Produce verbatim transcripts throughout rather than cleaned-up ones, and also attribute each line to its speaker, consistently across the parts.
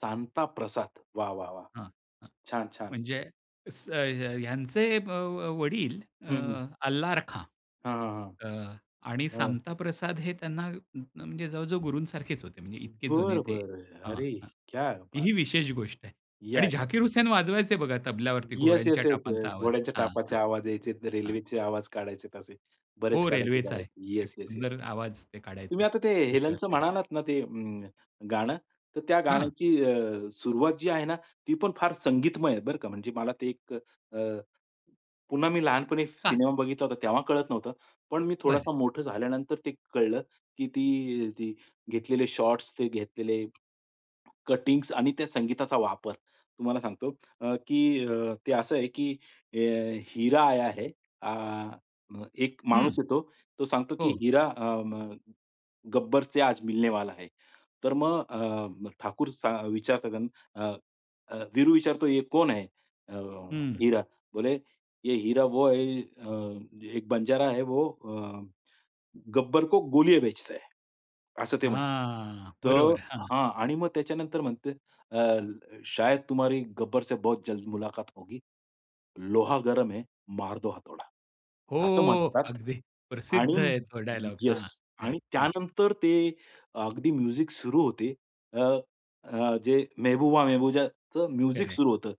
Speaker 1: सामता प्रसाद वाह! वाह! वाह!
Speaker 2: हां, हां
Speaker 1: छान, छान.
Speaker 2: म्हणजे स ह्यांचे अ, वडील अ,
Speaker 1: हं, हं.
Speaker 2: अल्ला रखा.
Speaker 1: हां, हां,
Speaker 2: अ, आणि
Speaker 1: हां. हां.
Speaker 2: सामता प्रसाद हे त्यांना म्हणजे जवळ-जवळ गुरूं सारखेच होते. म्हणजे इतके जुने
Speaker 1: बरं,
Speaker 2: ते
Speaker 1: बरं.
Speaker 2: हं,
Speaker 1: अरे
Speaker 2: हं.
Speaker 1: क्या
Speaker 2: ती
Speaker 1: बात!
Speaker 2: ही विशेष गोष्ट आहे. आणि
Speaker 1: [unintelligible]
Speaker 2: झाकीर हुसेन वाजवायचे बघा तबल्यावरती
Speaker 1: येस,
Speaker 2: घोड्यांच्या
Speaker 1: येस, येस,
Speaker 2: टापांचा
Speaker 1: येस.
Speaker 2: आवाज.
Speaker 1: घोड्याच्या
Speaker 2: हां,
Speaker 1: टापाचे
Speaker 2: हां,
Speaker 1: आवाज यायचे,
Speaker 2: हां.
Speaker 1: रेल्वेचे आवाज काढायचे, असे बरेच
Speaker 2: हो,
Speaker 1: काढायचे,
Speaker 2: रेल्वेचा आहे.
Speaker 1: काढायचे.
Speaker 2: एक
Speaker 1: येस, येस, येस.
Speaker 2: सुंदर आवाज ते काढायचे
Speaker 1: तुम्ही आता ते,
Speaker 2: त्याच्यावर
Speaker 1: हेलेनचं
Speaker 2: ते.
Speaker 1: म्हणालात ना ते अं, गाणं तर त्या
Speaker 2: हां.
Speaker 1: गाण्याची अ, सुरुवात जी आहे ना ती पण फार संगीतमय आहे बरं का, म्हणजे मला ते एक अ, पुन्हा मी लहानपणी
Speaker 2: का.
Speaker 1: सिनेमा बघितला होता तेव्हा कळत नव्हतं, पण मी
Speaker 2: बरं.
Speaker 1: थोडासा मोठं झाल्यानंतर ते कळलं, की ती ती घेतलेले शॉट्स घेतलेले कटिंग्स आणि त्या संगीताचा वापर. तुम्हाला सांगतो, अ, की अ, ते असं आहे की अ, "हरा आया है" आ, अ, एक
Speaker 2: हं,
Speaker 1: माणूस येतो तो सांगतो, की
Speaker 2: हो.
Speaker 1: हिरा अ, म "गब्बरचे आज मिलनेवाला आहे." तर मग अ, ठाकूर चा विचारतात अ, अ, वीरू विचारतो, "ये कोण है? अ,
Speaker 2: हं.
Speaker 1: हिरा" बोले, "ये हिरा वो है, अ, एक बंजारा है वो, अ, गब्बर को गोलिया बेचता है" असं ते म्हणतात.
Speaker 2: हां,
Speaker 1: तर
Speaker 2: बरोबर. हां.
Speaker 1: हां आणि मग त्याच्यानंतर म्हणते अ, "शायद तुम्हारी गब्बर से बहुत जल्द मुलाकात होगी लोहा गरम है, मार दो हथोडा." असं
Speaker 2: हो,
Speaker 1: म्हणतात
Speaker 2: अगदी
Speaker 1: आणि
Speaker 2: प्रसिद्ध आहे तो डायलॉग.
Speaker 1: येस,
Speaker 2: हां,
Speaker 1: आणि
Speaker 2: करेक्ट. हं.
Speaker 1: त्यानंतर ते अगदी म्युझिक सुरू होते. अ, अ, जे मेहबूजाच म्युझिक
Speaker 2: करेक्ट.
Speaker 1: सुरू होतं.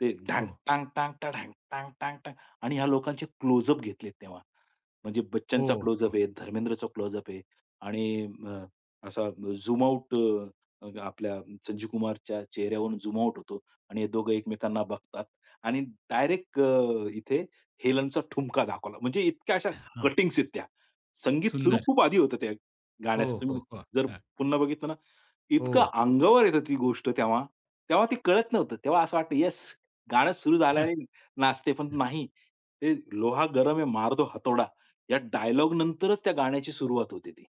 Speaker 1: ते ढांग,
Speaker 2: हो.
Speaker 1: टांग-टांग, टांग, ढांग, टांग-टांग, टांग आणि ह्या लोकांचे क्लोजअप घेतले तेव्हा. म्हणजे
Speaker 2: हो,
Speaker 1: बच्चनचा
Speaker 2: हो.
Speaker 1: क्लोजअप आहे, धर्मेंद्रचा क्लोजअप आहे आणि अ, असा झूम आउट अ, आपल्या संजीव कुमारच्या चेहऱ्यावरून झूम आउट होतो आणि हे दोघे एकमेकांना बघतात आणि डायरेक्ट अ, इथे हेलेनचा ठुमका दाखवला. म्हणजे इतक्या अशा
Speaker 2: हां.
Speaker 1: कटिंग्स आहेत त्या. संगीत सुरू
Speaker 2: सुंदर.
Speaker 1: खूप आधी होतं त्या
Speaker 2: हो,
Speaker 1: गाण्याचं.
Speaker 2: हो,
Speaker 1: तुम्ही
Speaker 2: हो,
Speaker 1: जर
Speaker 2: हां.
Speaker 1: पुन्हा बघितलं ना इतकं
Speaker 2: हो.
Speaker 1: अंगावर येते ती गोष्ट तेव्हा तेव्हा ते कळत नव्हतं. तेव्हा असं वाटतं येस गाणं सुरू
Speaker 2: हां,
Speaker 1: झाल्याने नाचते पण
Speaker 2: हां.
Speaker 1: नाही. ते लोहा गरम है मार दो हथोडा या डायलॉग नंतरच त्या गाण्याची सुरुवात होती ती.